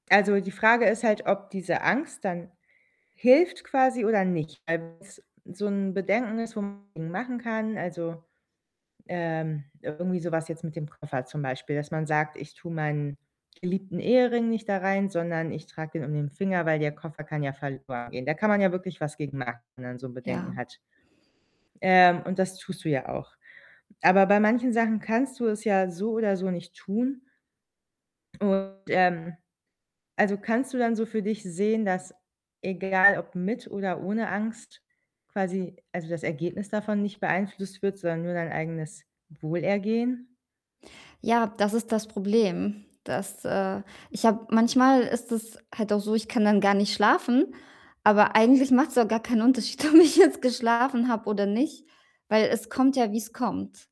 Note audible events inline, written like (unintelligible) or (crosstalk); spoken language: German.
Also, die Frage ist halt, ob diese Angst dann hilft quasi oder nicht. (unintelligible) so 'n Bedenken ist, (unintelligible) machen kann, also, ähm irgendwie so was jetzt mit dem Koffer zum Beispiel, dass man sagt: „Ich tue meinen geliebten Ehering nicht da rein, sondern ich trage den um den Finger, weil der Koffer kann ja verloren gehen." Da kann man ja wirklich was gegen machen, wenn man so Bedenken Ja. hat. Ähm, und das tust du ja auch. Aber bei manchen Sachen kannst du es ja so oder so nicht tun. Und, ähm also, kannst du dann so für dich sehen, dass egal ob mit oder ohne Angst quasi also, das Ergebnis davon nicht beeinflusst wird, sondern nur dein eigenes Wohlergehen? Ja, das ist das Problem, dass äh, ich habe manchmal ist es halt auch so, ich kann dann gar nicht schlafen, aber eigentlich macht's auch gar keinen Unterschied, ob ich jetzt geschlafen habe oder nicht, weil es kommt ja, wie's kommt.